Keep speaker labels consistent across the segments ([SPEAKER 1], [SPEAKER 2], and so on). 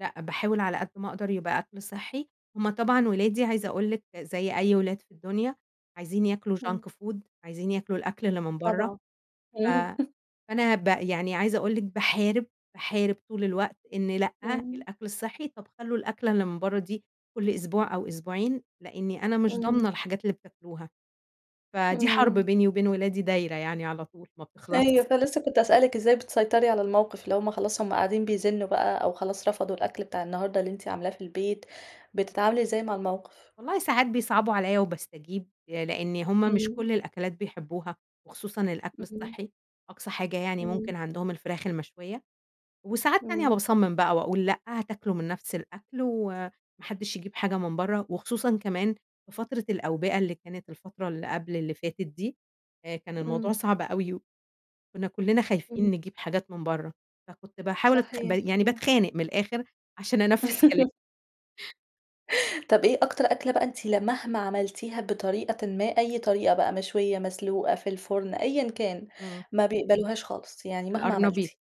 [SPEAKER 1] لأ، باحاول على قد ما أقدر يبقى أكل صحِّي، هم طبعًا ولادي عايزة
[SPEAKER 2] [unintelligible]
[SPEAKER 1] أقول لِك زي أي ولاد في الدنيا عايزين ياكلوا
[SPEAKER 2] آه.
[SPEAKER 1] junk food عايزين ياكلوا الأكل اللي من برّه
[SPEAKER 2] طبعًا.
[SPEAKER 1] ف فأنا ب يعني عايزة أقول لِك باحارب، باحارب طول الوقت إن لأ
[SPEAKER 2] امم.
[SPEAKER 1] الأكل الصحِّي طب خلوا الأكلة اللي من برّه دي كل أسبوع أو أسبوعين، لإني أنا مش ضامنة
[SPEAKER 2] امم.
[SPEAKER 1] الحاجات اللي بتاكلوها. فدي حرب
[SPEAKER 2] امم.
[SPEAKER 1] بيني وبين ولادي دايرة يعني على طول ما
[SPEAKER 2] أيوه،
[SPEAKER 1] بتخلصش.
[SPEAKER 2] فلسَّه كنت هاسأل لِك إزّاي بتسيطري على الموقف، اللي همّ خلاص همّ قاعدين بيزنُّوا بقى أو خلاص رفضوا الأكل بتاع النهارده اللي أنتِ عاملاه في البيت بتتعاملي إزّاي مع الموقف؟
[SPEAKER 1] والله ساعات بيصعبوا عليَّ وباستجيب، لإن همّ مش
[SPEAKER 2] امم.
[SPEAKER 1] كل الأكلات بيحبوها، وخصوصًا الأكل
[SPEAKER 2] امم.
[SPEAKER 1] الصحِّي، أقصى حاجة يعني
[SPEAKER 2] امم.
[SPEAKER 1] ممكن عندهم الفراخ المشوية، وساعات تانية
[SPEAKER 2] امم.
[SPEAKER 1] باصمِّم بقى وأقول لأ هتاكلوا من نفس الأكل وما حدش يجيب حاجة من برَّه، وخصوصًا كمان في فترة الأوبئة اللي كانت الفترة اللي قبل اللي فاتت دي آآ كان الموضوع
[SPEAKER 2] امم.
[SPEAKER 1] صعب أوي، وكنّا كلِّنا خايفين
[SPEAKER 2] امم.
[SPEAKER 1] نجيب حاجات من برَّه، فكنت باحاول أتخ ب
[SPEAKER 2] صحيح،
[SPEAKER 1] يعني
[SPEAKER 2] امم.
[SPEAKER 1] باتخانق من الآخر عشان أنفذ كلامي.
[SPEAKER 2] طب إيه أكتر أكل بقى أنتِ لمهما عملتيها بطريقة ما أي طريقة بقى مشوية مسلوقة في الفرن أيًا كان
[SPEAKER 1] امم.
[SPEAKER 2] ما بيقبلوهاش خالص، يعني مهما
[SPEAKER 1] القرنبيط،
[SPEAKER 2] عملتِ؟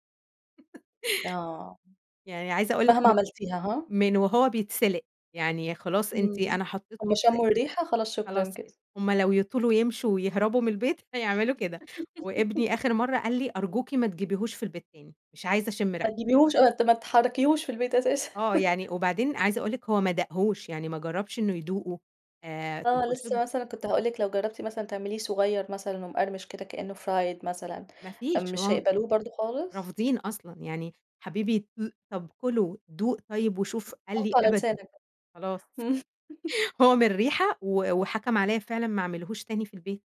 [SPEAKER 2] آه،
[SPEAKER 1] يعني عايزة أقول لِك
[SPEAKER 2] مهما
[SPEAKER 1] م
[SPEAKER 2] عملتيها ها؟
[SPEAKER 1] من وهو بيتسلق، يعني خلاص أنتِ
[SPEAKER 2] امم،
[SPEAKER 1] أنا حطِّيته
[SPEAKER 2] همّ
[SPEAKER 1] يتسلق
[SPEAKER 2] شمُّوا الرِّيحة خلاص شكرًا
[SPEAKER 1] خلاص كده،
[SPEAKER 2] كده.
[SPEAKER 1] همّ لو يطولوا يمشوا ويهربوا من البيت هيعملوا كده وابني آخر مرّة قال لي: "أرجوكِ ما تجيبيهوش في البيت تاني، مش عايزة أشم
[SPEAKER 2] ما
[SPEAKER 1] ريحته."
[SPEAKER 2] تجيبوهوش [unintelligible] ما تحركيهوش في البيت أساسًا.
[SPEAKER 1] آه، يعني وبعدين عايزة أقول لِك هو ما داقهوش يعني ما جربش إنُّه يدوقه آآ،
[SPEAKER 2] آه،
[SPEAKER 1] وقلت له
[SPEAKER 2] لسّه مثلًا كنت هاقول لِك لو جربتِ مثلًا تعمليه صغير مثلًا ومقرمش كده كإنه fried مثلًا
[SPEAKER 1] ما
[SPEAKER 2] امم
[SPEAKER 1] فيش،
[SPEAKER 2] مش
[SPEAKER 1] هم
[SPEAKER 2] هيقبلوه برضه خالص؟
[SPEAKER 1] رافضين أصلًا يعني حبيبي [unintelligible] طب كله دوق طيب وشوف، قال لي
[SPEAKER 2] حطُّه على
[SPEAKER 1] أبدًا
[SPEAKER 2] لسانَك.
[SPEAKER 1] خلاص.
[SPEAKER 2] امم.
[SPEAKER 1] هو من الريحة، و وحكم عليَّا فعلًا ما أعملهوش تاني في البيت.